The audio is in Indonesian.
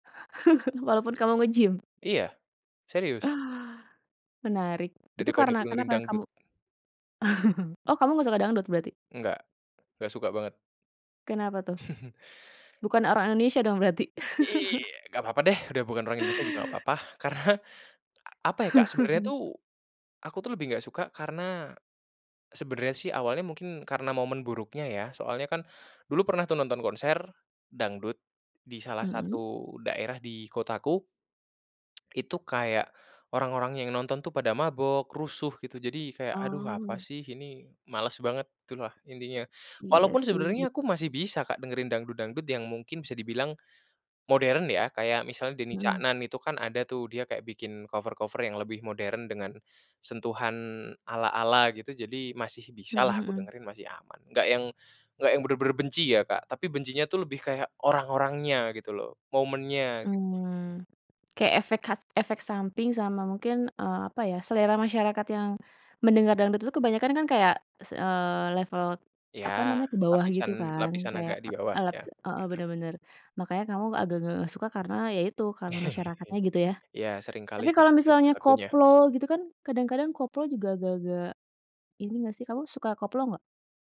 Walaupun kamu nge-gym? Iya, serius. Ah, menarik, itu Daripada karena dengerin kenapa kamu dangdut. oh kamu enggak suka dangdut berarti? Enggak, enggak suka banget. Kenapa tuh? Bukan orang Indonesia dong berarti? Iya. Enggak apa-apa deh, udah bukan orang Indonesia juga enggak apa-apa. Karena apa ya, Kak, sebenarnya tuh, aku tuh lebih enggak suka karena sebenarnya sih awalnya mungkin karena momen buruknya ya. Soalnya kan dulu pernah tuh nonton konser dangdut di salah Mhm. satu daerah di kotaku itu kayak orang-orang yang nonton tuh pada mabok, rusuh, gitu. Jadi, kayak, "Aduh apa Oh. sih ini males banget," itulah, intinya. Iya Walaupun sih, ben sebenarnya aku masih bisa, Kak, dengerin dangdut-dangdut yang mungkin bisa dibilang modern ya. Kayak misalnya Denny Mhm. Caknan itu kan ada tuh dia kayak bikin cover-cover yang lebih modern dengan sentuhan ala-ala gitu, jadi masih Mhm bisalah aku mhm. dengerin, masih aman. Enggak yang enggak yang bener-bener benci ya, Kak, tapi bencinya tuh lebih kayak, orang-orangnya gitu loh, momennya gitu. Mmm, kayak efek khas, efek samping sama mungkin, eee, apa ya, selera masyarakat yang mendengar dangdut itu kebanyakan kan kayak, s eee, level apa Ya, namanya ke bawah gitu lapisan, kan. lapisan Kayak agak di e bawah alat ya heeh. heeh, bener bener, makanya kamu agak-agak enggak suka karena ya itu, karena masyarakatnya gitu ya. Ya sering kali, Tapi kalau [unintelligible] misalnya pelakunya. koplo gitu kan, kadang-kadang koplo juga agak-agak ini enggak sih kamu suka koplo, enggak?